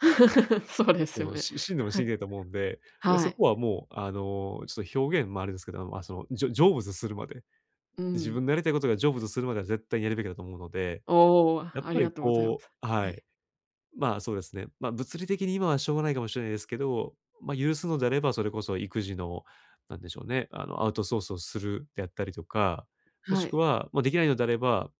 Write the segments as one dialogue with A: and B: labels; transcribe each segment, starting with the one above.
A: そうで
B: そ
A: すよ
B: の
A: ね。
B: し死んでも死
A: は
B: に
A: い、
B: きれないと思うんで、で、
A: は
B: そ
A: い。
B: こはもう、あの、ちょと表現もあれですけど、ま、その、じょ成仏するまで、
A: う
B: 自分
A: ん。
B: のやりたいことが成就するまでは絶対にやるべきだと思うので、
A: おお、
B: やっ
A: あ
B: ぱ
A: りが
B: り
A: とうございま
B: こ
A: す。
B: うは
A: はい。
B: い、ま、そうですね、ま、物理的に今はしょうがないかもしれないですけど、ま、許すのであればそれこそ育児のなんでしょうね、あの、アウトソースをするであったりとか、も
A: は
B: しく
A: い。
B: は、ま、できないのであれば、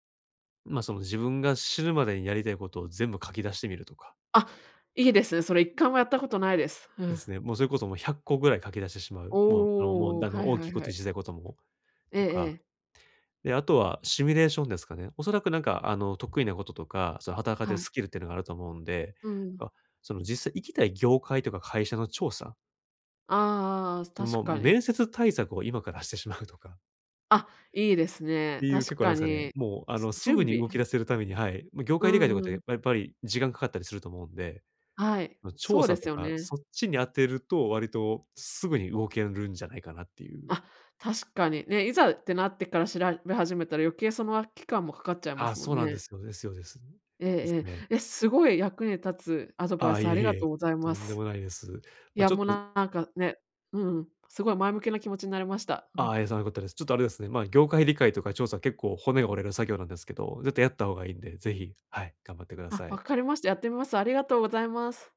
B: ま、その自分が死ぬまでにやりたいことを全部書き出してみるとか。
A: あ、いいですね。それ一
B: うん。
A: 回もやったことないです。う
B: で
A: ん。
B: すね。もうそれこそもう100個ぐらい書き出してしまう。もう、あの、もう、
A: おお、
B: あの
A: はい
B: 大
A: は
B: きい
A: い
B: こ
A: は
B: と
A: い。
B: 小さいことも、
A: え
B: と
A: え
B: か、
A: ええ。
B: で、あとはシミュレーションですかね。おそらくなんか、あの、得意なこととか、その働かれて
A: はい。
B: スキルっていうのがあると思うんで、
A: うんうん。
B: ま、その実際行きたい業界とか会社の調査
A: ああああああ、
B: それも
A: 確
B: う
A: かに。
B: 面接対策を今からしてしまうとか。
A: あ、いいですね。
B: ていう結
A: 確
B: 構な
A: か
B: んですかね、
A: に、
B: もう、あ
A: す
B: の、す
A: 準
B: ぐに
A: 備
B: 動き
A: う
B: 出
A: ん。
B: せるために、はい、ま、業
A: う
B: 界理解とかっ
A: んう
B: て
A: ん。
B: やっぱり時間かかったりすると思うんで、
A: はい、
B: ま、調
A: そうで
B: 査と
A: すよ
B: か、
A: ね。
B: そっちに当てると、割とすぐに動けるんじゃないかなっていう。
A: あ、確かに、ね、いざってなってから調べ始めたら余計その、あ期間もかかっちゃいま
B: あ、
A: すも
B: そ
A: ん
B: うなんで
A: ね。
B: すよですよです。
A: え
B: です
A: ええ
B: ね。
A: え。え、すごい役に立つアドバイ
B: あ、
A: ス
B: いえ
A: あり
B: い
A: が
B: え、
A: とうござい
B: と
A: ま
B: んで
A: す。
B: もないです。
A: い
B: ま、
A: や、
B: ちょっ
A: もう
B: と
A: なんかね、うん、すごい前向きな気持ちになりました。う
B: ああ、
A: ん。
B: じゃあよかったです。ちょっとあれですね、ま、業界理解とか調査、結構骨折れる作業なんですけど、絶対やった方がいいんで、ぜひ、はい、頑張ってくだ
A: あ、
B: さ
A: 分
B: い。
A: かりました。やってみます。ありがとうございます。